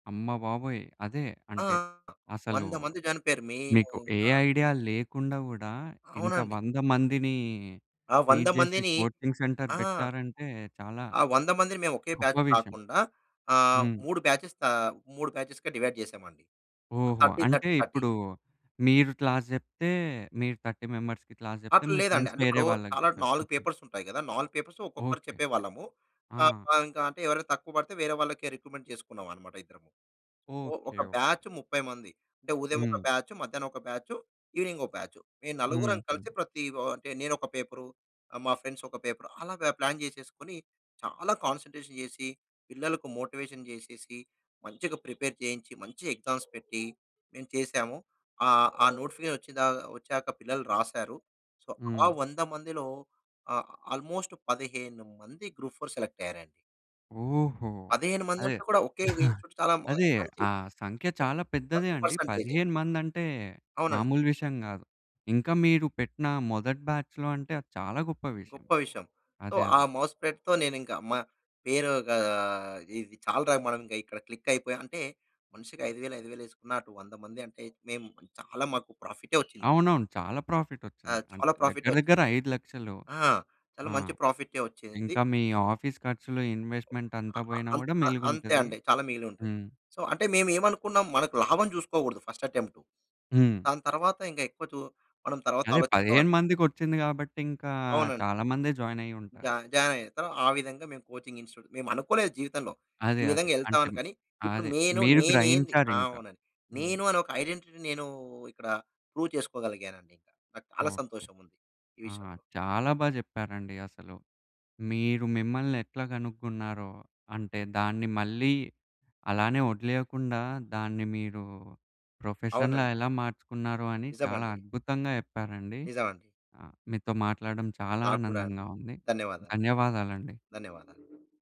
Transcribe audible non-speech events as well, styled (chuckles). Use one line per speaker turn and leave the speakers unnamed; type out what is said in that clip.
అమ్మబాబోయ్! అదే.
ఆ!
అంటే అసలు
100 మంది జాయినైపోయారు. మేము
మీకు ఏ
ఇంకా
ఐడియా లేకుండా గూడా ఇంత
అవునండి.
100 మందిని
ఆ 100
టీచ్ చేసి
మందిని
కోచింగ్ సెంటర్
ఆ!
పెట్టారంటే చాలా
ఆ 100 మందిని మేమొకే
గొప్ప
బ్యాచ్
విషయం.
కాకుండా ఆహ్,
హ్మ్.
3 బ్యాచెస్‌గా ఆహ్, 3 బ్యాచెస్‌గా డివైడ్ చేశామండి.
ఓహో!
థర్టీ
అంటే
థర్టీ థర్టీ.
ఇప్పుడు మీరు క్లాస్ జెప్తే, మీరు 30 మెంబర్స్‌కి క్లాస్ జెప్తే,
అట్లా
మీ
లేదండి.
ఫ్రెండ్స్
అంటే
వేరే
ఇప్పుడు
వాళ్ళకి
చాలా 4
జెప్పేవారిట్లా.
పేపర్స్ ఉంటాయి గదా! 4 పేపర్స్‌ని ఒక్కొక్కరు
ఓకే.
చెప్పేవాళ్ళము.
ఆ!
ఇంక అంటే ఎవరైనా తక్కువబడితే వేరే వాళ్ళని రిక్రూట్‌మెంట్ చేసుకున్నామనమాట ఇద్దరము. ఒ ఒక
ఓకే. ఓకే.
బ్యాచ్ 30 మంది. అంటే ఉదయం ఒక
హ్మ్.
బ్యాచు, మధ్యాహ్నం ఒక బ్యాచు ఈవెనింగ్‌ ఒక బ్యాచు. మేము నలుగురం కలిసి
హుహు.
ప్రతి వ అంటే నేను ఒక పేపర్, మా ఫ్రెండ్స్ ఒక పేపర్, అలా బ ప్లాన్ చేసేసుకొని చాలా కాన్సంట్రేషన్ చేసి పిల్లలకు మోటివేషన్ చేసేసి మంచిగా ప్రిపేర్ చేయించి, మంచిగా ఎగ్జామ్స్ పెట్టి మేము చేసాము. ఆహ్, ఆ నోటిఫికేషన్ వచ్చిందాకా వచ్చాక పిల్లలు రాసారు. సో, ఆ
హ్మ్.
100 మందిలో ఆహ్, ఆల్‌మోస్ట్ 15 మంది గ్రూప్ ఫోర్‌ సెలెక్ట్ అయ్యారండి.
ఓహో!
15
అదే.
మందంటే కూడా ఒకే
(chuckles)
ఇన్‌స్టిట్యూట్ చాలా
అదే,
మంచి
ఆ సంఖ్య చాలా పెద్దదే
మంచి
అండి.
పర్సెంటేజే.
15 మంది అంటే
అవునండి.
మామూలు విషయం గాదు. ఇంకా మీరు పెట్టిన మొదటి బ్యాచ్‌లో అంటే అది చాలా గొప్ప విషయం.
గొప్ప విషయం. సో,
అదే
ఆ
అదే.
మౌత్‌ స్ప్రెడ్‌తో నేనింక మా పేరుగా ఇది చాలు రా మనంగా ఇక్కడ క్లిక్ అయిపోయం. అంటే మనిషికి 5000, 5000 ఏసుకున్నా, అటు 100 మందంటే మేం చాలా మాకు ప్రాఫిట్‌నే ఒచ్చింది.
అవునవును. చాలా
ఆ!
ప్రాఫిటొచ్చింది. అంటే
చాలా
దగ్గర
ప్రాఫిటొచ్చింది.
దగ్గర 5,00,000.
ఆ! చాలా
ఆ!
మంచి ప్రాఫిట్టే వచ్చింది.
ఇంకా మీ ఆఫీస్ ఖర్చులు
ఆ!
ఇన్‌వెస్ట్మెంటంతా
ఆ!
బొయినా
అంత్
గూడా
అంతే
మిలుగుంటది.
అండి చాలా మిగిలుంటుంది.
హ్మ్.
సో, అంటే మేమేమనుకున్నాం మనకు లాభం చూసుకోకూడదు ఫస్ట్ అటెంప్టు.
హ్మ్.
దాని తర్వాత ఇంకా ఎక్కువ చు మనం తర్వాత
అదే
ఆలోచిస్తాం
15 మందికొచ్చింది కాబట్టి ఇంకా
అవునండి.
చాలా మందే
జ
జాయినయ్యుంటారు.
జాయినయ్యతరు ఆ విధంగా మేము కోచింగ్ ఇన్‌స్టిట్యూట్‌లో మేమనుకోలేదు జీవితంలో ఈ
అదే
విధంగా
అదే. అంటే
ఎళ్తామని. కానీ, ఇప్పుడు
అదే
నేను
మీరు
నేనేంది ఆ!
గ్రహించారింక.
అవునండి.
హ్మ్.
నేను అని ఒక ఐడెంటిటీని నేను ఇక్కడ ప్రూవ్ చేసుకోగలిగానండి. ఇక నాకు చాలా
ఓకే.
సంతోషం ఉంది. ఈ
ఆ!
విషయంలో.
చాలా బాగా చెప్పారండి అసలు. మీరు మిమ్మల్ని ఎట్లా గనుక్కున్నారో, అంటే దాన్ని మళ్ళీ అలానే వదిలేయకుండా, దాన్ని మీరు ప్రొఫెషన్‌లా
అవునండి.
ఎలా మార్చుకున్నారో అని చాలా
నిజమండి.
అద్భుతంగా జెప్పారండి.
నిజమండి.
ఆ! మీతో మాట్లాడడం చాలా
నాకు కూడా అండి.
ఆనందంగా ఉంది.
ధన్యవాదాలు.
ధన్యవాదాలండి.
ధన్యవాదాలు.